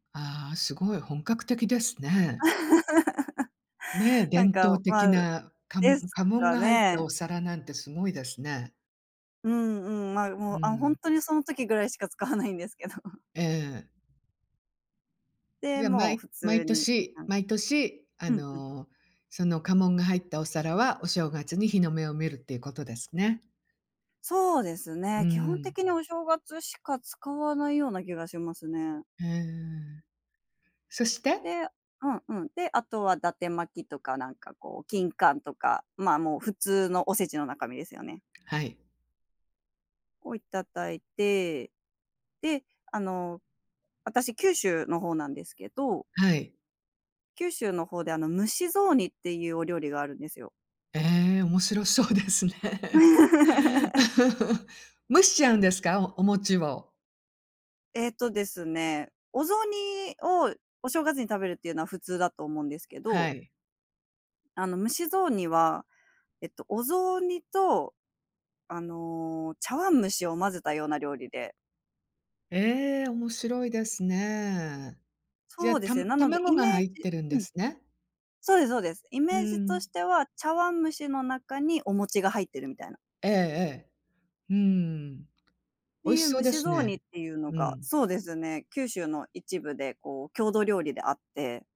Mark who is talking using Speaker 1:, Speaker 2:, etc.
Speaker 1: ああ、すごい本格的ですね。ね、
Speaker 2: なん
Speaker 1: 伝
Speaker 2: か、
Speaker 1: 統
Speaker 2: ま
Speaker 1: 的
Speaker 2: あ、
Speaker 1: な、かも
Speaker 2: で
Speaker 1: ん
Speaker 2: す
Speaker 1: 家紋
Speaker 2: か
Speaker 1: が入った
Speaker 2: ね。
Speaker 1: お皿なんてすごいですね。
Speaker 2: うんうん。ま、
Speaker 1: う
Speaker 2: も
Speaker 1: ー
Speaker 2: う、あ、ほん
Speaker 1: ん。
Speaker 2: とにその時ぐらいしか使わないんですけど。
Speaker 1: ええ。
Speaker 2: で、
Speaker 1: じゃあ、ま
Speaker 2: もう普通
Speaker 1: 毎
Speaker 2: に。
Speaker 1: 年
Speaker 2: [unintelligible]
Speaker 1: 毎年、あ
Speaker 2: うんうん。
Speaker 1: の、その家紋が入ったお皿は、お正月に日の目を見るっていうことですね。
Speaker 2: そうです
Speaker 1: うー
Speaker 2: ね、基本
Speaker 1: ん。
Speaker 2: 的にお正月しか使わないような気がしますね。
Speaker 1: へえ。そして。
Speaker 2: で、うんうん。で、あとは伊達巻とかなんかこう、金柑とか、ま、もう普通のおせちの中身ですよね
Speaker 1: はい。
Speaker 2: を頂いて、で、あの、私、九州の方なんですけど
Speaker 1: はい。
Speaker 2: 九州の方で、あの、蒸し雑煮っていうお料理があるんですよ。
Speaker 1: ええ、面白そうですね。蒸しちゃうんですか？お餅を。
Speaker 2: えっとですね、お雑煮をお正月に食べるっていうのは、普通だと思うんですけ
Speaker 1: は
Speaker 2: ど。
Speaker 1: い。
Speaker 2: あの、蒸し雑煮は、えっと、お雑煮と、あの、茶碗蒸しを混ぜたような料理で。
Speaker 1: ええ、面白いですね。じ
Speaker 2: そ
Speaker 1: ゃ、
Speaker 2: うで
Speaker 1: た
Speaker 2: すね。なので、
Speaker 1: 卵
Speaker 2: イ
Speaker 1: が
Speaker 2: メー
Speaker 1: 入っ
Speaker 2: ジ
Speaker 1: てるんで
Speaker 2: うん。
Speaker 1: すね。
Speaker 2: そうですそうです。イ
Speaker 1: う
Speaker 2: メージとし
Speaker 1: ん。
Speaker 2: ては、茶碗蒸しの中にお餅が入ってるみたいな。
Speaker 1: ええええ。うーん。
Speaker 2: て
Speaker 1: 美味
Speaker 2: い
Speaker 1: し
Speaker 2: う
Speaker 1: そう
Speaker 2: 蒸
Speaker 1: で
Speaker 2: し
Speaker 1: す
Speaker 2: 雑煮っ
Speaker 1: ね。
Speaker 2: ていうの
Speaker 1: う
Speaker 2: が、
Speaker 1: ん。
Speaker 2: そうですね、九州の一部でこう郷土料理であって。